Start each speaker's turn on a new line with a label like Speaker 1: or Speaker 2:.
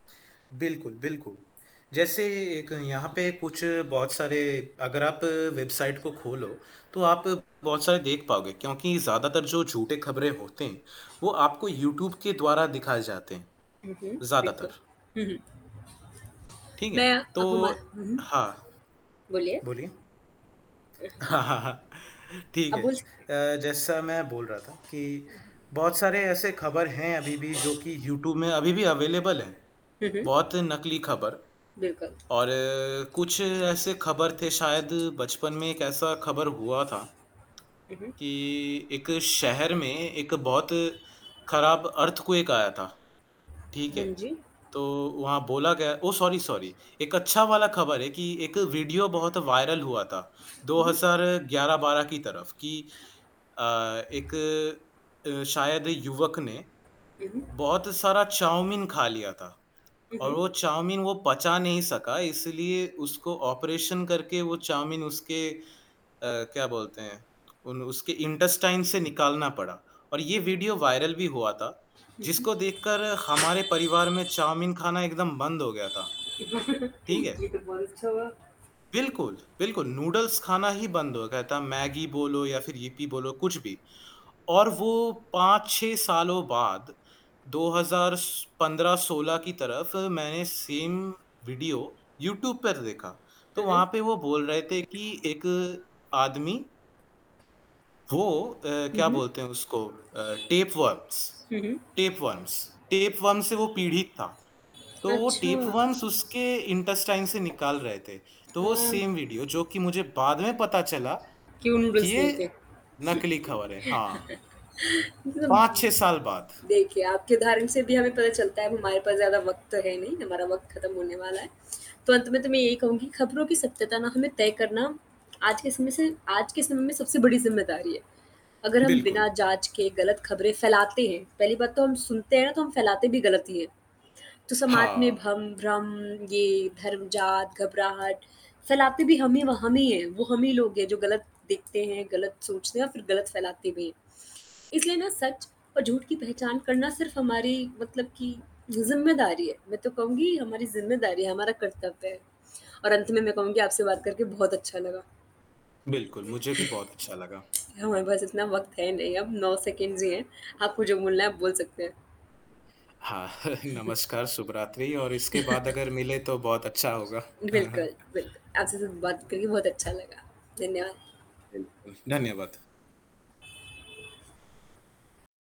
Speaker 1: बिल्कुल, बिल्कुल। जैसे एक यहाँ पे कुछ बहुत सारे अगर आप वेबसाइट को खोलो, तो आप बहुत सारे देख पाओगे क्योंकि ज़्यादातर जो झूठे खबरें होते हैं वो आपको यूट्यूब के द्वारा दिखाए जाते हैं,
Speaker 2: हुँ, हुँ। बिल्कुल।
Speaker 1: ज़्यादातर।
Speaker 2: हुँ, हुँ।
Speaker 1: ठीक है?
Speaker 2: मैं
Speaker 1: तो
Speaker 2: अब हम हुँ, हुँ।
Speaker 1: हाँ,
Speaker 2: बोलिए?
Speaker 1: बोलिए?
Speaker 2: अ, हाँ।
Speaker 1: ठीक
Speaker 2: आप
Speaker 1: है।
Speaker 2: बोल सकते है।
Speaker 1: अ, जैसा मैं बोल रहा था कि बहुत सारे ऐसे खबर हैं अभी-भी जो कि यूट्यूब में अभी-भी अवेलेबल है,
Speaker 2: हुँ, हुँ।
Speaker 1: बहुत नकली खबर
Speaker 2: बिल्कुल।
Speaker 1: और कुछ ऐसे खबर थे शायद बचपन में एक ऐसा खबर हुआ था
Speaker 2: हुँ, हुँ।
Speaker 1: कि एक शहर में एक बहुत खराब अर्थक्वेक आया था, ठीक है?
Speaker 2: हाँ जी।
Speaker 1: तो वहाँ बोला गया ओह! सॉरी, सॉरी एक अच्छा
Speaker 2: हाँ,
Speaker 1: वाला
Speaker 2: जी।
Speaker 1: खबर है कि एक वीडियो बहुत वायरल हुआ था, दो
Speaker 2: हुँ, हुँ।
Speaker 1: हज़ार ग्यारह बारह की तरफ़ कि अ, एक अ, शायद युवक ने
Speaker 2: हुँ, हुँ।
Speaker 1: बहुत सारा चाउमीन खा लिया था,
Speaker 2: हुँ,
Speaker 1: और
Speaker 2: हुँ।
Speaker 1: वो चाउमीन वो पचा नहीं सका इसलिए उसको ऑपरेशन करके वो चाउमीन उसके अ, क्या बोलते हैं, उन उसके इंटेस्टाइन से निकालना पड़ा और ये
Speaker 2: अच्छा।
Speaker 1: वीडियो वायरल भी हुआ था,
Speaker 2: हुँ, हुँ।
Speaker 1: जिसको देखकर हमारे परिवार में चाउमीन खाना एकदम बंद हो गया था, ठीक है?
Speaker 2: ये तो बहुत अच्छा हुआ।
Speaker 1: बिल्कुल, बिल्कुल। नूडल्स खाना ही बंद हो गया था, मैगी बोलो या फ़िर यिप्पी बोलो कुछ भी और वो 5-6 सालों बाद 2015-16 की तरफ़ मैंने सेम वीडियो यूट्यूब पर देखा, तो
Speaker 2: हुँ, हुँ।
Speaker 1: वहाँ पे वो बोल रहे थे कि एक आदमी वो अ,
Speaker 2: हुँ,
Speaker 1: क्या
Speaker 2: हुँ।
Speaker 1: बोलते हैं उसको अ, टेपवर्म्स
Speaker 2: हुँ, हुँ।
Speaker 1: टेपवर्म्स टेपवर्म्स से वो पीड़ित था, तो वो
Speaker 2: अच्छा।
Speaker 1: टेपवर्म्स उसके इंटेस्टाइन से निकाल रहे थे, तो वो
Speaker 2: हाँ।
Speaker 1: सेम वीडियो जो कि मुझे बाद में पता चला
Speaker 2: क्यों
Speaker 1: कि
Speaker 2: नूडल्स नहीं
Speaker 1: ये
Speaker 2: थे?
Speaker 1: नकली खबर है। हाँ। 5-6 साल बाद।
Speaker 2: देखिए आपके उदाहरण से भी हमें पता चलता है अब हमारे पास ज़्यादा वक़्त तो है नहीं हमारा वक़्त खत्म होने वाला है, तो अंत में तो मैं यही कहूँगी खबरों की सत्यता ना हमें तय करना आज के समय से आज के समय में सबसे बड़ी ज़िम्मेदारी है, अगर हम बिना
Speaker 1: बिल्कुल।
Speaker 2: जाँच के गलत ख़बरें फ़ैलाते हैं पहली बात तो हम सुनते हैं ना, तो हम फ़ैलाते भी गलत ही हैं, तो समाज में
Speaker 1: हाँ।
Speaker 2: भम भ्रम ये धर्मजात, घबराहट फ़ैलाते भी हम ही वा हम ही है, वो हम ही लोग है जो गलत देखते हैं, गलत सोचते हैं और फ़िर गलत फ़ैलाते भी हैं, इसलिए ना सच और झूठ की पहचान करना सिर्फ़ हमारी मतलब कि ज़िम्मेदारी है। मैं तो कहूँगी हमारी ज़िम्मेदारी है, हमारा कर्तव्य है और अंत में मैं कहूँगी आपसे बात करके बहुत अच्छा लगा।
Speaker 1: बिल्कुल, मुझे भी बहुत अच्छा लगा।
Speaker 2: हमारे पास इतना वक़्त है नहीं अब 9 सेकंड्स ही हैं, आपको जो बोलना है आप बोल सकते हैं।
Speaker 1: हाँ, नमस्कार, शुभरात्रि और इसके बाद अगर मिले तो बहुत अच्छा होगा।
Speaker 2: बिल्कुल, बिल्कुल। आपसे जो बात करी, बहुत अच्छा लगा। धन्यवाद।
Speaker 1: बिल्कुल, धन्यवाद।